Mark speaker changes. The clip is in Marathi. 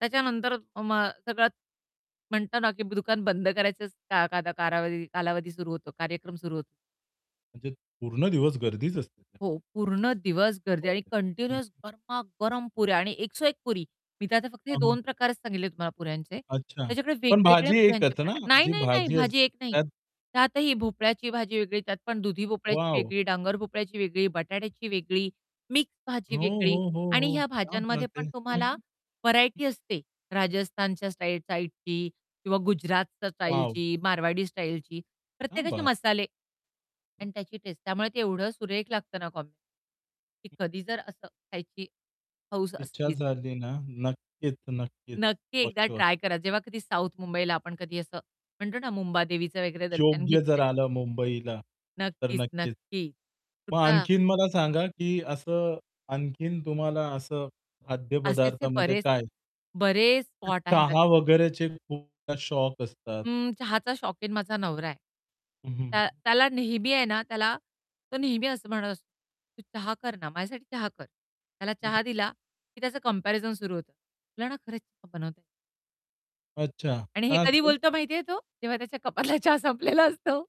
Speaker 1: त्याच्यानंतर अ, मग सगळंच म्हणतो ना की ब दुकान बंद करायचं स का काध कालावधी- कालावधी सुरू होतो, कार्यक्रम सुरू होतो.
Speaker 2: म्हणजे पूर्ण दिवस गर्दीच असते
Speaker 1: हो,
Speaker 2: [unintelligible]
Speaker 1: पूर्ण दिवस गर्दी आणि
Speaker 2: [unintelligible] हं, हं.
Speaker 1: कंटिन्युअस गरमा-गरम पुऱ्या आणि एक सो एक पुरी. मी तर आता फक्त हे
Speaker 2: हं, हं.
Speaker 1: 2 प्रकारच सांगितले तुम्हाला पुऱ्यांचे.
Speaker 2: अच्छा!
Speaker 1: त्याच्याकडे
Speaker 2: पण
Speaker 1: वेगवेगळ्या
Speaker 2: भाजी
Speaker 1: पुऱ्यांचे
Speaker 2: एकच ना?
Speaker 1: प्रकार नाही,
Speaker 2: जी
Speaker 1: नाही, नाही,
Speaker 2: भाजी
Speaker 1: भाजी
Speaker 2: असते
Speaker 1: एक नाही.
Speaker 2: त्यात.
Speaker 1: त्यातही भोपळ्याची भाजी वेगळी, त्यात पण दुधी भोपळ्याची
Speaker 2: वॉव!
Speaker 1: वेगळी, डांगर भोपळ्याची वेगळी, बटाट्याची वेगळी, मिक्स भाजी
Speaker 2: हो,
Speaker 1: वेगळी
Speaker 2: हो, हो,
Speaker 1: आणि
Speaker 2: हो.
Speaker 1: ह्या
Speaker 2: क्या
Speaker 1: भाज्यांमध्ये
Speaker 2: बात है!
Speaker 1: पण
Speaker 2: हं,
Speaker 1: तुम्हाला
Speaker 2: हं. हं.
Speaker 1: व्हरायटी असते, राजस्थानच्या स्टाई साइडची किंवा गुजरातच्या
Speaker 2: वॉव!
Speaker 1: स्टाईलची, मारवाडी स्टाईलची.
Speaker 2: क्या
Speaker 1: प्रत्येकाचे
Speaker 2: बात
Speaker 1: मसाले
Speaker 2: हं.
Speaker 1: आणि त्याची टेस्ट. त्यामुळे ते एवढं सुरेख लागतं ना कॉम्बिनेशन की कधी जर असं खायची हौस
Speaker 2: इच्छा
Speaker 1: असलीच.
Speaker 2: झाली ना. नक्कीच नक्कीच.
Speaker 1: नक्की एकदा
Speaker 2: [unintelligible]
Speaker 1: ट्राय करा. जेव्हा कधी साउथ मुंबईला आपण कधी असं म्हणतो ना मुंबादेवीचं वगैरे दर्शन
Speaker 2: योग्य जर
Speaker 1: घेतलंय.
Speaker 2: आलं मुंबईला, तर
Speaker 1: नक्कीच,
Speaker 2: नक्कीच.
Speaker 1: नक्की.
Speaker 2: मग
Speaker 1: कुठला
Speaker 2: आणखीन मला सांगा की असं आणखीन तुम्हाला असं खाद्य
Speaker 1: असे असे
Speaker 2: पदार्थामध्ये
Speaker 1: बरेच,
Speaker 2: काय?
Speaker 1: बरेच
Speaker 2: ते
Speaker 1: स्पॉट आहेत
Speaker 2: चहा
Speaker 1: असे.
Speaker 2: वगैरेचे खूप [unintelligible] शौक असतात.
Speaker 1: अं, चहाचा शौकीन माझा नवरा आहे.
Speaker 2: हं, हं,
Speaker 1: त्या
Speaker 2: हं.
Speaker 1: त्याला नेहमी आहे ना त्याला तो नेहमी असं म्हणत असतो, तू चहा कर ना, माझ्यासाठी चहा कर. त्याला
Speaker 2: हं, हं.
Speaker 1: चहा दिला की त्याचं कम्पॅरिझन सुरू होतं. तुला ना खरंच चहा बनवता नाही.
Speaker 2: अच्छा.
Speaker 1: आणि हे
Speaker 2: का
Speaker 1: कधी
Speaker 2: असं?
Speaker 1: बोलतो माहिती आहे तो? जेव्हा त्याच्या कपातला चहा संपलेला असतो.